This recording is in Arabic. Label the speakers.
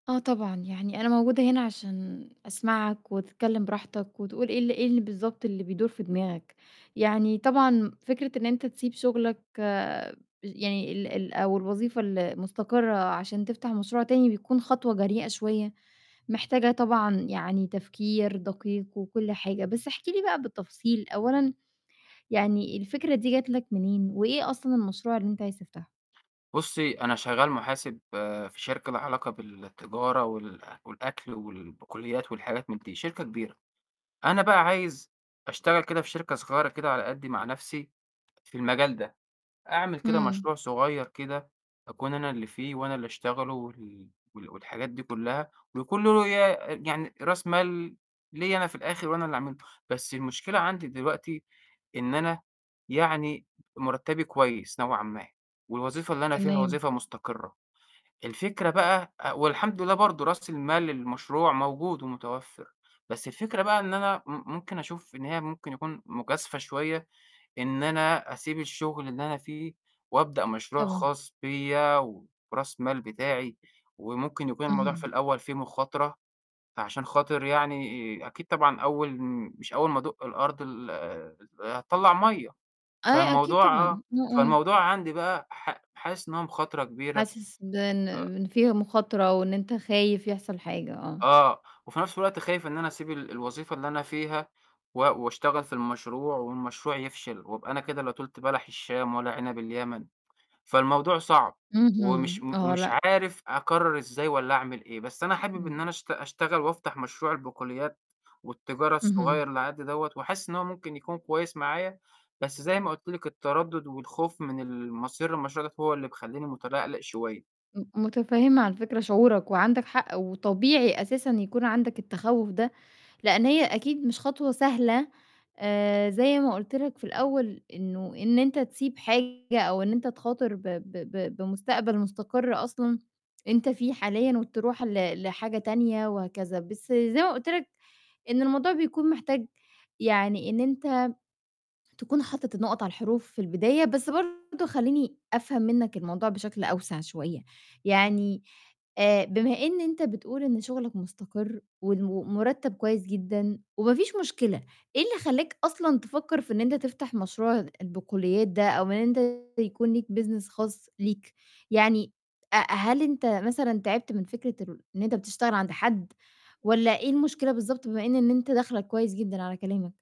Speaker 1: آه طبعًا، يعني أنا موجودة هنا عشان أسمعك وتتكلِّم براحتك وتقول إيه ال إيه اللي بالضبط اللي بيدور في دماغك. يعني طبعًا م فكرة إن أنت تسيب شُغلك بج يعني ال ال أو الوظيفة المستقرة عشان تفتح مشروع تاني، بيكون خطوة جريئة شوية، محتاجة طبعًا يعني تفكير دقيق وكل حاجة، بس احكِ لي بقى بالتفصيل، أولًا يعني الفكرة دي جات لك منين، وإيه أصلًا المشروع اللي أنت عايز تفتحه؟
Speaker 2: بُصّي، أنا شغّال محاسب في شركة ليها علاقة بالتجارة وال والأكل والبقوليات والحاجات من دي، شركة كبيرة. أنا بقى عايز أشتغل كده في شركة صغيرة كده على قدّي مع نَفْسي في المجال ده، أعمل كده
Speaker 1: إمم.
Speaker 2: مشروع صغير كده أكون أنا اللي فيه وأنا اللي أشتغله وال وال والحاجات دي كُلّها ويكون له ي آآ يعني رأس مال ليّا أنا في الآخِر وأنا اللي أعمله، بس المشكلة عندي دلوقتي إن أنا يعني مُرتّبي كويس نوعًا ما، والوظيفة اللي أنا فيها
Speaker 1: تمام.
Speaker 2: وظيفة مستقرّة، الفكرة بقى آآ والحمد لله برضه راس المال للمشروع موجود ومتوفّر، بس الفكرة بقى إن أنا م ممكن أشوف إن هي ممكن يكون مجازفة شوية إن أنا أسيب الشُغل اللي أنا فيه وأبدأ مشروع
Speaker 1: طبعًا.
Speaker 2: خاص بيّا وراس مال بتاعي وممكن يكون الموضوع في
Speaker 1: اهم.
Speaker 2: الأول فيه مخاطرة، فعشان خاطر يعني أكيد طبعًا أول م مش أول ما أدُق الأرض ال آآ، أ هتطَلّع مَيّة،
Speaker 1: آه، أكيد
Speaker 2: فالموضوع آه،
Speaker 1: طبعًا. إمم، إمم.
Speaker 2: فالموضوع عندي بقى ح حاسس إن هو مخاطرة كبيرة،
Speaker 1: حاسس بإن
Speaker 2: آآ
Speaker 1: بإن فيها مخاطرة وإن أنت خايف يحصل حاجة، آه.
Speaker 2: آه، وفي نَفْس الوقت خايف إن أنا أسيب ال الوظيفة اللي أنا فيها و وأشتغل في المشروع والمشروع يفشل وأبقى أنا كده لا طُلْت بَلَح الشام ولا عِنَب اليمن. فالموضوع صعب ومش
Speaker 1: اهم،
Speaker 2: م
Speaker 1: آه،
Speaker 2: ومش
Speaker 1: لأ.
Speaker 2: عارف أقرّر إزاي والّا أعمل إيه، بس أنا حابب إن أنا
Speaker 1: إمم.
Speaker 2: أشت أشتغل وأفتح مشروع البقوليات والتجارة
Speaker 1: اهم.
Speaker 2: الصغير اللي على قدّي دوّة وحاسس إن هو ممكن يكون كويس معايا، بس زي ما قُلت لِك التَردُّد والخوف من المصير للمشروع دوّة هو اللي مخلّيني مُتَلَقْلِق شوية.
Speaker 1: م متفهِّمة عن فكرة شعورك، وعندك حق وطبيعي أساسًا يكون عندك التخوُّف ده، لإن هي أكيد مش خطوة سهلة، آآ، زي ما قُلت لك في الأول إنه إن أنت تسيب حاجة أو إن أنت تخاطر ب ب ب بمستقبل مستقر أصلًا أنت فيه حاليًا وتروح ل لحاجة تانية وهكذا، بس زي ما قُلت لك إن الموضوع بيكون محتاج يعني إن أنت تكون حاطط النقط على الحروف في البداية، بس برضه خلّيني أفهم منّك الموضوع بشكل أوسع شوية، يعني آآ، بما إن أنت بتقول إن شُغلك مستقر والم المُرتّب كويس جدًا وما فيش مشكلة، إيه اللي خلّاك أصلًا تفكّر في إن أنت تفتح مشروع البقوليات ده أو إن أنت يكون ليك business خاص ليك، يعني أ هل أنت مثلًا تعبت من فكرة الر إن أنت بتشتغل عند حد والّا إيه المشكلة بالضبط، بما إن، إن أنت داخلَك كويس جدًا على كلامك؟